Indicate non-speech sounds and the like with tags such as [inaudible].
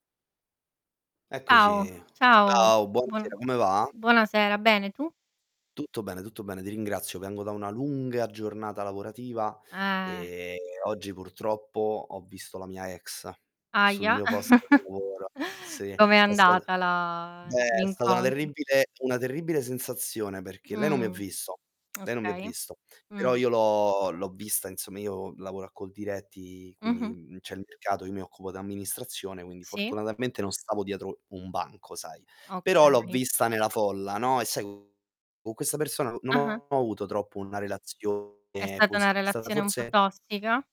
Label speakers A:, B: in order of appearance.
A: Ao
B: Eccoci.
A: ciao.
B: Ciao,
A: Buo
B: buonasera, come va?
A: buonasera, bene, tu?
B: Tutto bene, tutto bene, ti ringrazio. Vengo da una lunga giornata lavorativa,
A: Eh.
B: ehm, oggi purtroppo ho visto la mia ex, sul
A: Ahia.
B: mio posto di
A: [chuckles]
B: lavoro. Sì,
A: Com'è
B: è sta
A: andata la
B: Beh, è stata una
A: l'incontro?
B: terribile una terribile sensazione perché lei non mi ha
A: Mh.
B: visto, lei non mi ha
A: Okay.
B: visto, però
A: Mh.
B: io l'ho l'ho vista, insomma, io lavoro a Coldiretti
A: Mh-mh.
B: quindi, mhmm, c'è il mercato, io mi occupo d'amministrazione, quindi
A: Sì.
B: fortunatamente non stavo dietro un banco, sai. Però l'ho
A: Okay.
B: vista nella folla, no, e sai, co co questa persona n non
A: Ah-ah.
B: ho avuto troppo una relazione
A: È stata
B: posi
A: una
B: è stata
A: relazione un po'
B: forse
A: tossica?